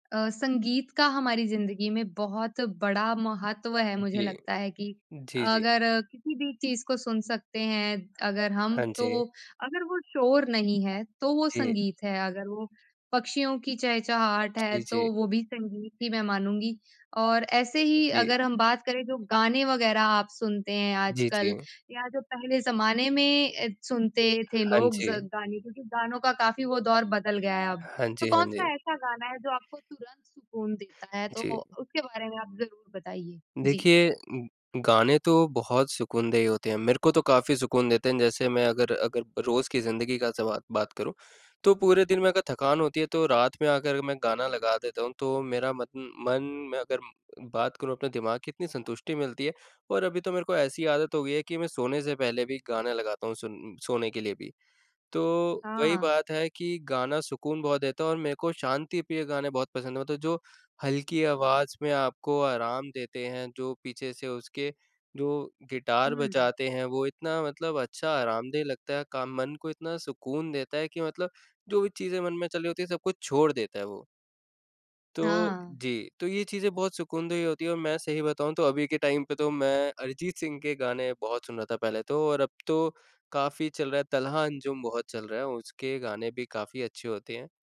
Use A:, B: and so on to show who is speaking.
A: अ, संगीत का हमारी ज़िंदगी में बहुत बड़ा महत्व है।
B: हाँ
A: मुझे
B: जी।
A: लगता है कि
B: जी, जी।
A: अगर किसी भी चीज़ को सुन सकते हैं अगर हम,
B: हाँ जी।
A: तो अगर वो शोर नहीं है, तो वो
B: जी।
A: संगीत है। अगर वो पक्षियों की चहचहाट है,
B: जी,
A: तो
B: जी।
A: वो भी संगीत ही मैं मानूँगी। और ऐसे
B: हाँ
A: ही
B: जी।
A: अगर हम बात करें जो गाने वग़ैरह आप सुनते हैं
B: जी,
A: आजकल
B: जी।
A: या जो पहले ज़माने में सुनते थे
B: हाँ
A: लोग
B: जी।
A: ज गाने क्योंकि गानों का काफ़ी वो दौर बदल गया है अब।
B: हाँ जी,
A: तो
B: हाँ जी।
A: कौन-सा ऐसा गाना है जो आपको तुरंत सुकून देता है? तो
B: जी।
A: उसके बारे में आप ज़रूर बताइए। जी।
B: देखिए गाने तो बहुत सुकूनदेह होते हैं। मेरे को तो काफ़ी सुकून देते हैं, जैसे मैं अगर अगर रोज़ की ज़िंदगी का सबा बात करूँ तो पूरे दिन में अगर थकान होती है तो रात में आकर मैं गाना लगा देता हूँ, तो मेरा मत मन में अगर बात करूँ अपने दिमाग़ की, इतनी संतुष्टि मिलती है। और अभी तो मेरे को ऐसी आदत हो गई है कि मैं सोने से पहले भी गाने लगाता हूँ, सुन सोने के लिए भी। तो वही
A: हाँ।
B: बात है कि गाना सुकून बहुत देता है और मेरे को शांतिप्रिय गाने बहुत पसंद हैं मतलब जो हल्की आवाज़ में आपको आराम देते हैं, जो पीछे से उसके जो गिटार
A: हुँ।
B: बजाते हैं, वो इतना मतलब अच्छा आरामदेह लगता है काम मन को इतना सुकून देता है कि मतलब जो भी चीज़ें मन में चल रही होती हैं सब कुछ छोड़ देता है वो। तो
A: हाँ।
B: जी। तो ये चीज़ें बहुत सुकूनदेह होती हैं और मैं सही बताऊँ तो अभी के टाइम पे तो मैं अरिजीत सिंह के गाने बहुत सुन रहा था पहले तो और अब तो काफ़ी चल रहा है, तलहा अंजुम बहुत चल रहा है, उसके गाने भी काफ़ी अच्छे होते हैं।